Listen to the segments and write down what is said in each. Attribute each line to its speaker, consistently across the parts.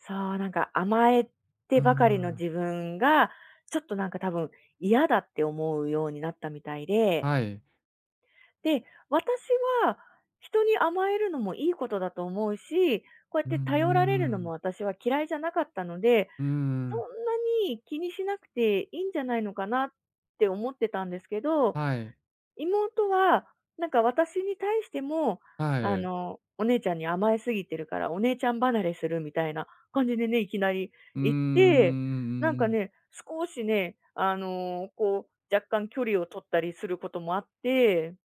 Speaker 1: そう、なんか、甘え
Speaker 2: うー
Speaker 1: てばかりの
Speaker 2: ん。
Speaker 1: 自分が、ちょっと、なんか、多分、嫌だって思うようになったみたいで。
Speaker 2: はい。
Speaker 1: で、私は人に甘えるのもいいことだと思うし、こうやっ
Speaker 2: うー
Speaker 1: て頼られるのも
Speaker 2: ん。
Speaker 1: 私は嫌いじゃなかったので、
Speaker 2: うー
Speaker 1: 「そ
Speaker 2: ん。
Speaker 1: んなに気にしなくて、いいんじゃないのかな」って思ってたんですけど、
Speaker 2: はい。
Speaker 1: 妹は、なんか、私に対しても、
Speaker 2: は
Speaker 1: あ
Speaker 2: い。
Speaker 1: の、お姉ちゃんに甘え過ぎてるから、お姉ちゃん離れするみたいな感じでね、いきなり
Speaker 2: うーん、うんう
Speaker 1: 言って、なん
Speaker 2: んう
Speaker 1: か
Speaker 2: んうん。
Speaker 1: ね、少しね、あの、こう、若干距離を取ったりすることもあって。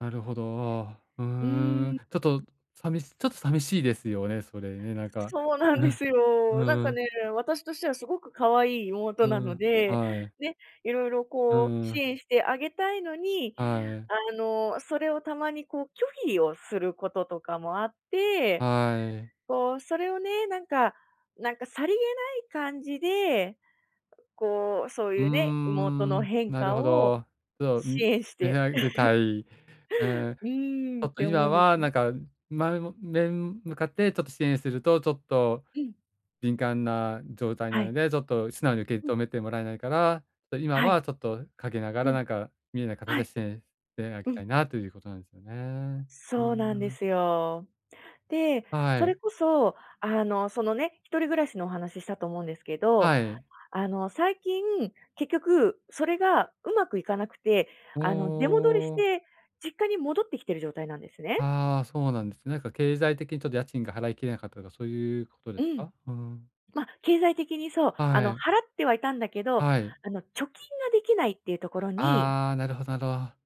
Speaker 2: なるほど。うー
Speaker 1: うー
Speaker 2: ん、
Speaker 1: ん。
Speaker 2: ちょっとさみちょっと寂しいですよね、それね、なんか。
Speaker 1: そうな
Speaker 2: う
Speaker 1: んで
Speaker 2: ん、
Speaker 1: すよ。
Speaker 2: う
Speaker 1: なん
Speaker 2: んう
Speaker 1: か
Speaker 2: ん。
Speaker 1: ね、私としてはすごく可愛い妹
Speaker 2: う
Speaker 1: なの
Speaker 2: ん。
Speaker 1: で、
Speaker 2: はい。
Speaker 1: ね、色々、
Speaker 2: う
Speaker 1: こう、
Speaker 2: ー
Speaker 1: 支
Speaker 2: ん。
Speaker 1: 援してあげたいのに、
Speaker 2: はい。
Speaker 1: あの、それをたまに、こう、拒否をすることとかもあって、
Speaker 2: はい。
Speaker 1: こう、それをね、なんかなんか、さりげない感じで、こう、そう
Speaker 2: うー
Speaker 1: いうね、妹の
Speaker 2: ん、
Speaker 1: 変
Speaker 2: なる
Speaker 1: 化
Speaker 2: ほ
Speaker 1: を
Speaker 2: ど。じゃあ、
Speaker 1: 支
Speaker 2: ん、
Speaker 1: 援し
Speaker 2: [unintelligible]
Speaker 1: て
Speaker 2: あげ たい。ええ。
Speaker 1: うー
Speaker 2: ち
Speaker 1: ん、っ
Speaker 2: ょっと
Speaker 1: て思
Speaker 2: 今
Speaker 1: うんです
Speaker 2: は、な
Speaker 1: ね。
Speaker 2: んか、前も面向かって、ちょっと支援すると、ちょっと
Speaker 1: うん。
Speaker 2: 敏感な状態な
Speaker 1: は
Speaker 2: の
Speaker 1: い。
Speaker 2: で、ちょっと素直に受
Speaker 1: う
Speaker 2: け止
Speaker 1: ん。
Speaker 2: めてもらえないから、そ、今
Speaker 1: はい。
Speaker 2: はちょっと陰なが
Speaker 1: う
Speaker 2: ら、
Speaker 1: ん。
Speaker 2: なんか見えない形
Speaker 1: は
Speaker 2: で
Speaker 1: い。
Speaker 2: 支援してあげ
Speaker 1: う
Speaker 2: た
Speaker 1: ん。
Speaker 2: いなということなんですよね。うー
Speaker 1: そうなんで
Speaker 2: ん。
Speaker 1: すよ。で、
Speaker 2: は
Speaker 1: それ
Speaker 2: い。
Speaker 1: こそ、あの、そのね、一人暮らしのお話したと思うんですけど、
Speaker 2: はい。
Speaker 1: あの、最近、結局それがうまくいかなくて、あの、出戻りし
Speaker 2: ほう。
Speaker 1: て実家に戻ってきてる状態なんですね。
Speaker 2: ああ、そうなんですね。なんか経済的にちょっと家賃が払いきれなかったとか、そういうことで
Speaker 1: う
Speaker 2: す
Speaker 1: ん。
Speaker 2: か？ふーん。
Speaker 1: ま、経済的に、そう。あ
Speaker 2: は
Speaker 1: の、払
Speaker 2: い。
Speaker 1: ってはいたんだけど、
Speaker 2: はい。
Speaker 1: あの、貯金ができないっていうところに
Speaker 2: ああ、なるほど、など。